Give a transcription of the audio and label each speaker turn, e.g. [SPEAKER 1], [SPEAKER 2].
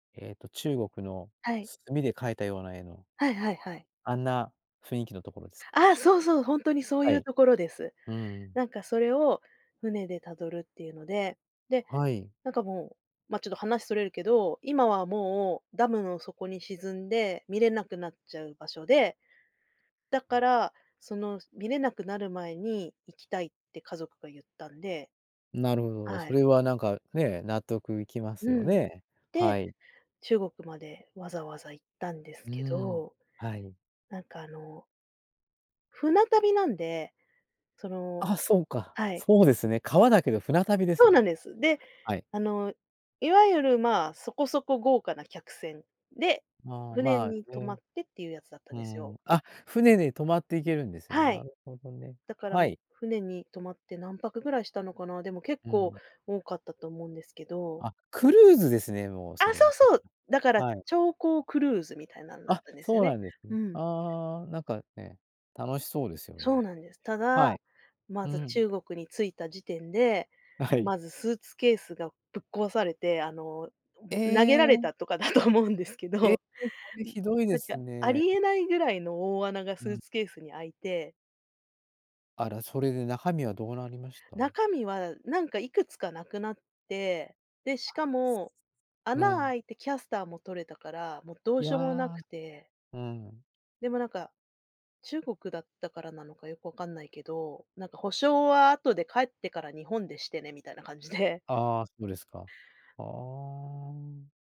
[SPEAKER 1] えっと、中国の、
[SPEAKER 2] はい。
[SPEAKER 1] 墨で描いたような絵の
[SPEAKER 2] はいはいはい。
[SPEAKER 1] あんな、雰囲気の所ですか？
[SPEAKER 2] ああ、そうそう、本当に、そう
[SPEAKER 1] は
[SPEAKER 2] 言う
[SPEAKER 1] い、
[SPEAKER 2] 所です、
[SPEAKER 1] うーん。
[SPEAKER 2] 何か、それを船で辿るって言うので、で、
[SPEAKER 1] はい。
[SPEAKER 2] 何か、もう、まあ、ちょっと話、逸れるけど、今はもう、ダムの底に沈んで、見れなくなっちゃう場所で、だから、その見れなくなる前に、行きたいって、家族が言ったんで、
[SPEAKER 1] なるほど、
[SPEAKER 2] は
[SPEAKER 1] そ
[SPEAKER 2] い。
[SPEAKER 1] れはね、何かね、納得いきま
[SPEAKER 2] う
[SPEAKER 1] すよ
[SPEAKER 2] ん、
[SPEAKER 1] ね、
[SPEAKER 2] で、
[SPEAKER 1] はい。
[SPEAKER 2] 中国まで、わざわざ行ったんです
[SPEAKER 1] うー
[SPEAKER 2] け
[SPEAKER 1] ん、
[SPEAKER 2] ど、
[SPEAKER 1] はい。
[SPEAKER 2] 何か、あの船旅なんで、その、
[SPEAKER 1] あ、そうか、
[SPEAKER 2] はい。
[SPEAKER 1] そうですね、川だけど船旅で
[SPEAKER 2] そ
[SPEAKER 1] す
[SPEAKER 2] うなん
[SPEAKER 1] ね、
[SPEAKER 2] です、で、
[SPEAKER 1] はい。
[SPEAKER 2] あの、いわゆる、ま、そこそこ豪華な客船で、
[SPEAKER 1] まあ
[SPEAKER 2] 船
[SPEAKER 1] ま
[SPEAKER 2] に
[SPEAKER 1] あ、
[SPEAKER 2] 泊ま
[SPEAKER 1] ね、
[SPEAKER 2] って、っていうやつだったん
[SPEAKER 1] う
[SPEAKER 2] ですよ。
[SPEAKER 1] ん、あ、船で泊まって行けるんですね、
[SPEAKER 2] は
[SPEAKER 1] な
[SPEAKER 2] い、
[SPEAKER 1] るほどね、
[SPEAKER 2] だから、
[SPEAKER 1] はい。
[SPEAKER 2] 船に泊まって、何泊位したのかな、でも、結
[SPEAKER 1] う
[SPEAKER 2] 構
[SPEAKER 1] ん。
[SPEAKER 2] 多かったと思うんですけど。
[SPEAKER 1] あ、クルーズですね、もう
[SPEAKER 2] あ、
[SPEAKER 1] それ
[SPEAKER 2] そ
[SPEAKER 1] は、
[SPEAKER 2] うそう、だから、
[SPEAKER 1] はい。
[SPEAKER 2] 超高クルーズみたいなんだっ
[SPEAKER 1] あ、
[SPEAKER 2] たんですよ
[SPEAKER 1] そう
[SPEAKER 2] ね、
[SPEAKER 1] なんです
[SPEAKER 2] う
[SPEAKER 1] ね、
[SPEAKER 2] ん。
[SPEAKER 1] ああ、何かね、楽しそうですよ
[SPEAKER 2] そう
[SPEAKER 1] ね、
[SPEAKER 2] なんです、た
[SPEAKER 1] は
[SPEAKER 2] だ、
[SPEAKER 1] い、
[SPEAKER 2] ま
[SPEAKER 1] う
[SPEAKER 2] ず
[SPEAKER 1] ん。
[SPEAKER 2] 中国に着いた時点で、
[SPEAKER 1] はい。
[SPEAKER 2] まずスーツケースが、ぶっ壊されて、あの、
[SPEAKER 1] え
[SPEAKER 2] 投げられ
[SPEAKER 1] え。
[SPEAKER 2] たとかだと思うんですけ
[SPEAKER 1] ええ、
[SPEAKER 2] ど、
[SPEAKER 1] それ
[SPEAKER 2] ん
[SPEAKER 1] 酷いで
[SPEAKER 2] 何
[SPEAKER 1] す
[SPEAKER 2] か、あ
[SPEAKER 1] ね。
[SPEAKER 2] りえない位の大穴が、
[SPEAKER 1] う
[SPEAKER 2] スー
[SPEAKER 1] ん。
[SPEAKER 2] ツケースに開いて
[SPEAKER 1] あら、それで、中身はどうなりました？
[SPEAKER 2] 中身は、何か、幾つか無くなって、で、し
[SPEAKER 1] あ
[SPEAKER 2] かも、
[SPEAKER 1] あ、う
[SPEAKER 2] 穴
[SPEAKER 1] ん。
[SPEAKER 2] 開いて、キャスターも取れたから、もう、どう
[SPEAKER 1] い
[SPEAKER 2] しようもな
[SPEAKER 1] や、
[SPEAKER 2] くて
[SPEAKER 1] うん。
[SPEAKER 2] でも何か、中国だったからなのか良く分からないけど、何か、保証は後で帰ってから日本でしてね、みたいな感じで。
[SPEAKER 1] ああ、そうですか、ああ。